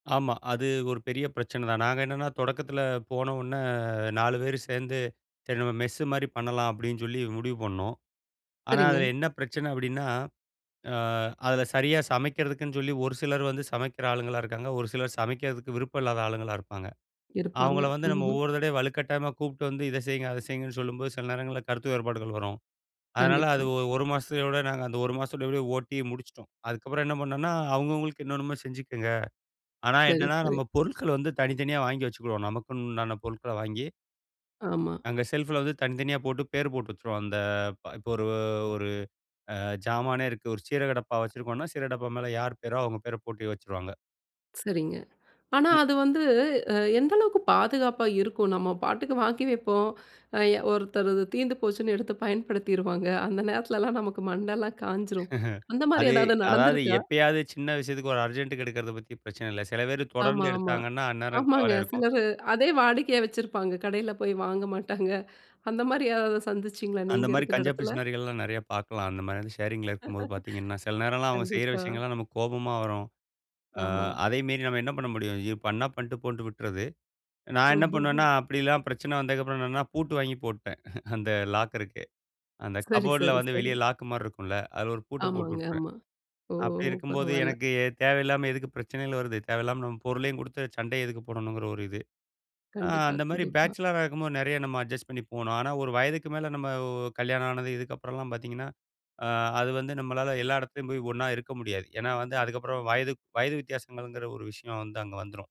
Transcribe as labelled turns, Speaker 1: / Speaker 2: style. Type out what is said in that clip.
Speaker 1: ஆமா. அது ஒரு பெரிய பிரச்சனை தான். நாங்க என்னான்னா, தொடக்கத்தில போனவுன்ன அ 4 பேரு சேந்து, சரி நம்ம மெஸ்ஸு மாரி பண்ணலாம் அப்பிடின் சொல்லி முடிவு பண்ணோம். ஆனா,
Speaker 2: சரிங்க.
Speaker 1: அதில என்ன பிரச்சனை அப்பிடின்னா, அ அதில சரியா சமைக்கிறதுக்குன்னு சொல்லி, ஒரு சிலர் வந்து சமைக்கிற ஆளுங்களா இருக்காங்க. ஒரு சிலர் சமைக்கிறதுக்கு விருப்பம் இல்லாத ஆளுங்களா இருப்பாங்க.
Speaker 2: இருப்பாங்க,
Speaker 1: அவுங்கள வந்து நம்ம
Speaker 2: ம்ஹ்ம்.
Speaker 1: ஒவ்வொரு தடவையும் வலுக்கட்டாயமா கூப்ட்டு வந்து இத செய்ங்க, அத செய்ங்கன்னு சொல்லும்போது, சில நேரங்கள்ல கருத்து வேறுபாடுகள் வரும். அதனால அது
Speaker 2: கண்டிப்பா.
Speaker 1: ஒரு, ஒரு மாசத்தயோட நாங்க அந்த ஒரு மாசத்தோட ஓட்டி முடிச்சிட்டோம். அதுக்கப்புறம் என்ன பண்ணன்னா, அவுங்கவுங்களுக்கு, என்னென்னமோ செஞ்சிக்கங்க. ஆனா
Speaker 2: சரி,
Speaker 1: என்னான்னா,
Speaker 2: சரி.
Speaker 1: நம்ம பொருட்கள் வந்து தனித்தனியா, வாங்கி வச்சுகிருவோம். நமக்குன்னு உண்டான பொருட்கள வாங்கி
Speaker 2: ஆமா.
Speaker 1: அங்க செல்ஃப்ல வந்து தனித்தனியா போட்டு, பேரு போட்டு வச்சிருவோம். அந்த இப்ப ஒரு, ஒரு அ ஜாமானே இருக்கு. ஒரு சீரக டப்பா வச்சிருக்கோன்னா, சீரகடப்பா மேல யார் பேரோ, அவுங்க பேர போட்டு வச்சிருவாங்க.
Speaker 2: சரிங்க. ஆனா
Speaker 1: இ
Speaker 2: அது வந்து அ எந்த அளவுக்கு பாதுகாப்பா இருக்கும்? நம்ம பாட்டுக்கு வாங்கி வப்போம். அ எ ஒருத்தரு அது தீந்து போச்சுன்னு எடுத்து பயன்படுத்திருவாங்க. அந்த நேரத்திலலாம் நமக்கு மண்டைலாம் காய்ஞ்சுரும். அந்த மாரி
Speaker 1: அதே
Speaker 2: எதாவது
Speaker 1: அதாவது,
Speaker 2: நடந்த்துருக்கா?
Speaker 1: எப்பயாவது சின்ன விஷயத்துக்கு, ஒரு அர்ஜெண்ட்க்கு எடுக்குறத பத்தி பிரச்சனை இல்ல. செல பேரு தொடர்ந்து
Speaker 2: ஆமா, ஆமா,
Speaker 1: எடுத்தாங்கன்னா, அந்நேரம்
Speaker 2: ஆமாங்க.
Speaker 1: கவலையா இருக்கும்.
Speaker 2: சிலரு அதே வாடிக்கையா வச்சிருப்பாங்க. கடையில போய் வாங்க மாட்டாங்க. அந்த மாரியாராவது சந்திச்சிங்களா?
Speaker 1: அந்த
Speaker 2: நீங்க
Speaker 1: மாரி
Speaker 2: இருக்கிற
Speaker 1: கஞ்ச
Speaker 2: எடத்துல.
Speaker 1: பிசுனாரிகள்லாம் நெறைய பாக்கலாம். அந்தமாரி வந்து ஷேரிங்ல இருக்கும்போது பாத்தீங்கன்னா, சில நேரம்லாம் அவுங்க செய்ற
Speaker 2: கண்டிப்பா.
Speaker 1: விஷயங்கள்லாம் நமக்கு கோபமா வரும். அ
Speaker 2: ஆமா.
Speaker 1: அதையும் மீறி நம்ம என்ன பண்ண முடியும்? இது பண்ணா பண்ட்டு போன்ட்டு விட்டுறது. நான் என்னா
Speaker 2: ம்ஹ்ம்,
Speaker 1: பண்ணுவேன்னா,
Speaker 2: ஹ்ம்.
Speaker 1: அப்பிடிலாம் பிரச்சனை வந்ததுக்கு அப்புறம், என்னென்னா பூட்டு வாங்கி போட்டேன் அந்த லாக்கருக்கு. அந்த
Speaker 2: சரி,
Speaker 1: கபோர்ட்ல
Speaker 2: சரி,
Speaker 1: வந்து
Speaker 2: சரி.
Speaker 1: வெளிய லாக்குமாரி இருக்கும்ல! அதில ஒரு பூட்ட போட்டு
Speaker 2: ஆமாங்க,
Speaker 1: விட்டுருவேன்.
Speaker 2: ஆமா. ஓ!
Speaker 1: அப்பிடி இருக்கும்போது,
Speaker 2: பரவால்ல.
Speaker 1: எனக்கு தேவையில்லாம எதுக்கு பிரச்சனைகள் வருது? தேவையில்லாம நம்ம பொருளையும் குடுத்து, சண்டையும் எதுக்கு போடணுங்கிற ஒரு இது. ஆ
Speaker 2: கண்டிப்பா,
Speaker 1: அந்த மாரி
Speaker 2: கண்டிப்பா.
Speaker 1: பேச்சிலரா இருக்கும்போது, நெறையா நம்ம அட்ஜஸ்ட் பண்ணி போனோம். ஆனா, ஒரு வயதுக்கு மேல, நம்ம ஒ கல்யாணம் ஆனது, இதுக்கப்புறம் எல்லாம் பாத்தீங்கன்னா, அ அது வந்து நம்மளால எல்லா எடத்துலயும் போயி, ஒன்னா இருக்க முடியாது. ஏன்னா வந்து, அதுக்கு அப்புறம் வயது வயது வித்தியாசங்கள்ங்குற ஒரு விஷயம் வந்து அங்க வந்துரும்.